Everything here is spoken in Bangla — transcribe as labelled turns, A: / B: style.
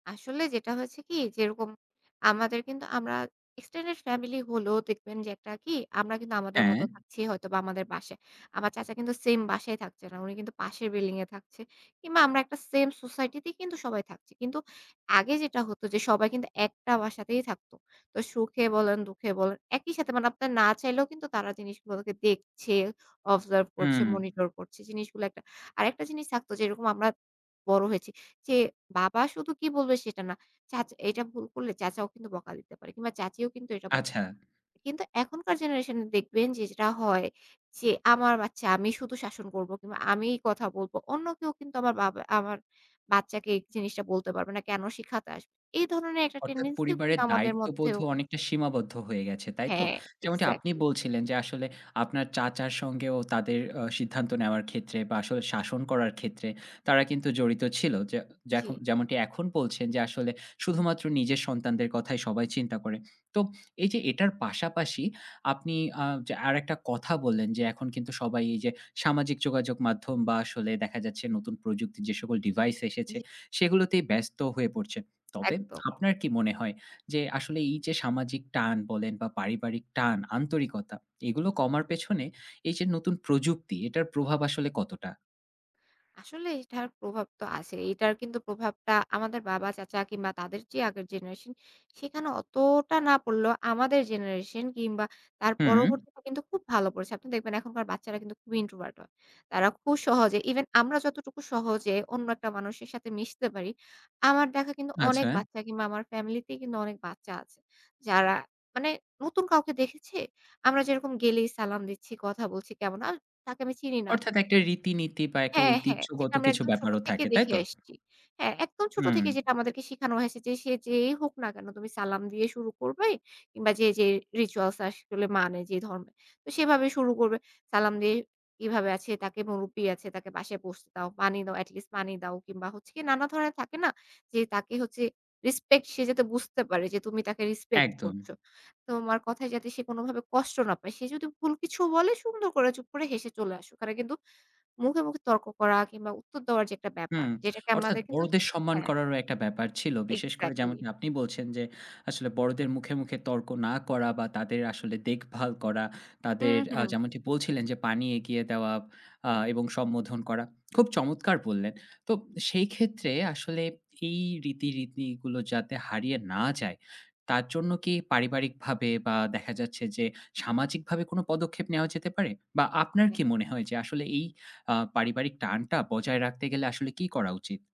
A: আসলে যেটা হয়েছে কি যেরকম আমাদের কিন্তু আমরা এক্সটেন্ডেড ফ্যামিলি হলেও দেখবেন যে একটা কি আমরা কিন্তু আমাদের
B: হ্যাঁ।
A: মতো থাকছি হয়তো বা আমাদের বাসায়। আমার চাচা কিন্তু সেম বাসায় থাকছে না। উনি কিন্তু পাশের বিল্ডিং এ থাকছে। কিংবা আমরা একটা সেম সোসাইটি তেই কিন্তু সবাই থাকছি। কিন্তু আগে যেটা হতো যে সবাই কিন্তু একটা বাসাতেই থাকত। তো সুখে বলেন, দুঃখে বলেন একই সাথে মানে আপনার না চাইলেও কিন্তু তারা জিনিসগুলোকে দেখছে, অবজার্ভ করছে,
B: হু।
A: মনিটর করছে জিনিসগুলো, আরেকটা জিনিস থাকতো যেরকম আমরা বড় হয়েছি যে বাবা শুধু কি বলবে সেটা না। চাচা এটা ভুল করলে চাচাও কিন্তু বকা দিতে পারে। কিংবা চাচীও কিন্তু এটা ব
B: আচ্ছা।
A: কিন্তু এখনকার জেনারেশন এ দেখবেন যে যেটা হয় যে আমার বাচ্চা আমি শুধু শাসন করব কিংবা আমি কথা বলব। অন্য কেউ কিন্তু আমার বাব আমার বাচ্চাকে জিনিসটা বলতে পারবে না। কেন শিখাতে আসবে? এই ধরনের একটা
B: অর্থাৎ
A: টেনডেন্সি ও কিন্তু
B: পরিবারের
A: আমাদের
B: দায়িত্ববোধ
A: মধ্যেও
B: ও অনেকটা সীমাবদ্ধ হয়ে গেছে, তাই তো?
A: হ্যাঁ,
B: যেমনটি আপনি
A: এক্সাক্টলি।
B: বলছিলেন যে আসলে আপনার চাচার সঙ্গে ও তাদের অ সিদ্ধান্ত নেওয়ার ক্ষেত্রে বা আসলে শাসন করার ক্ষেত্রে তারা কিন্তু জড়িত ছিল। যে যেখ
A: জী।
B: যেমনটি এখন বলছেন যে আসলে শুধুমাত্র নিজের সন্তানদের কথায় সবাই চিন্তা করে। তো এই যে এটার পাশাপাশি আপনি আ যে আরেকটা কথা বললেন যে এখন কিন্তু সবাই এই যে সামাজিক যোগাযোগ মাধ্যম বা আসলে দেখা যাচ্ছে নতুন প্রযুক্তির যে সকল ডিভাইস এসেছে
A: জী।
B: সেগুলোতেই ব্যস্ত হয়ে পড়ছে। তবে
A: একদম।
B: আপনার কি মনে হয় যে আসলে এই যে সামাজিক টান বলেন বা পারিবারিক টান আন্তরিকতা এগুলো কমার পেছনে এই যে নতুন প্রযুক্তি এটার প্রভাব আসলে কতটা?
A: আসলে এটার প্রভাব তো আছেই। এটার কিন্তু প্রভাবটা আমাদের বাবা চাচা কিংবা তাদের যে আগের জেনারেশন সেখানে অতটা না পড়লেও আমাদের জেনারেশন কিংবা তার
B: হুম।
A: পরবর্তীতে কিন্তু খুব ভালো পড়েছে। আপনি দেখবেন এখনকার বাচ্চারা কিন্তু খুবই ইন্ট্রোভার্ট হয়। তারা খু সহজে ইভেন আমরা যতটুকু সহজে অন্য একটা মানুষের সাথে মিশতে পারি, আমার দেখা কিন্তু অনেক
B: আচ্ছা।
A: বাচ্চা কিংবা আমার ফ্যামিলি তে কিন্তু অনেক বাচ্চা আছে, যারা মানে নতুন কাউকে দেখেছে, আমরা যেরকম গেলেই সালাম দিচ্ছি, কথা বলছি কেমন আর তাকে আমি চিনি না
B: অর্থাৎ
A: চিনি।
B: একটা রীতিনীতি বা একটা
A: হ্যাঁ, হ্যাঁ।
B: ঐতিহ্যগত
A: যেটা আমরা
B: কিছু
A: একদম ছোট
B: ব্যাপারও
A: থেকে
B: থাকে, তাই
A: দেখে
B: তো?
A: আসছি। হ্যাঁ একদম ছোট
B: হুম।
A: থেকে যেটা আমাদেরকে শেখানো হয়েছে যে সে যেই হোক না কেন তুমি সালাম দিয়ে শুরু করবে কিংবা যে, যে রিচুয়ালস আসলে মানে যে ধর্মে। তো সেভাবে শুরু করবে। সালাম দিয়ে কিভাবে আছে, তাকে মুরুব্বি আছে, তাকে বাসায় বসতে দাও। পানি দাও, এট লিস্ট পানি দাও। কিংবা হচ্ছে নানা ধরনের থাকে না যে তাকে হচ্ছে রেসপেক্ট সে যাতে বুঝতে পারে যে তুমি তাকে রিসপেক্ট
B: একদম।
A: করছো। তোমার কথায় যাতে সে কোনভাবে কষ্ট না পায়, সে যদি ভুল কিছুও বলে সুন্দর করে চুপ করে হেসে চলে আসো। ওখানে কিন্তু মুখে, মুখে তর্ক করা কিংবা উত্তর দেওয়ার যে একটা ব্যাপার
B: হুম।
A: যেটাকে
B: অর্থাৎ
A: আমাদের কিন্তু
B: বড়দের সম্মান
A: হ্যাঁ।
B: করারও একটা ব্যাপার ছিল। বিশেষ করে
A: এক্সাক্টলি।
B: যেমনটি আপনি বলছেন যে আসলে বড়দের মুখে, মুখে তর্ক না করা বা তাদের আসলে দেখভাল করা, তাদের
A: হুম,
B: আ
A: হুম।
B: যেমনটি বলছিলেন যে পানি এগিয়ে দেওয়া আ এবং সম্বোধন করা খুব চমৎকার বললেন। তো সেই ক্ষেত্রে আসলে এই রীতি, রীতিগুলো যাতে হারিয়ে না যায় তার জন্য কি পারিবারিকভাবে বা দেখা যাচ্ছে যে সামাজিকভাবে কোন পদক্ষেপ নেওয়া যেতে পারে? বা আপনার কি মনে হয় যে আসলে এই আ পারিবারিক টানটা বজায় রাখতে গেলে আসলে কি করা উচিত?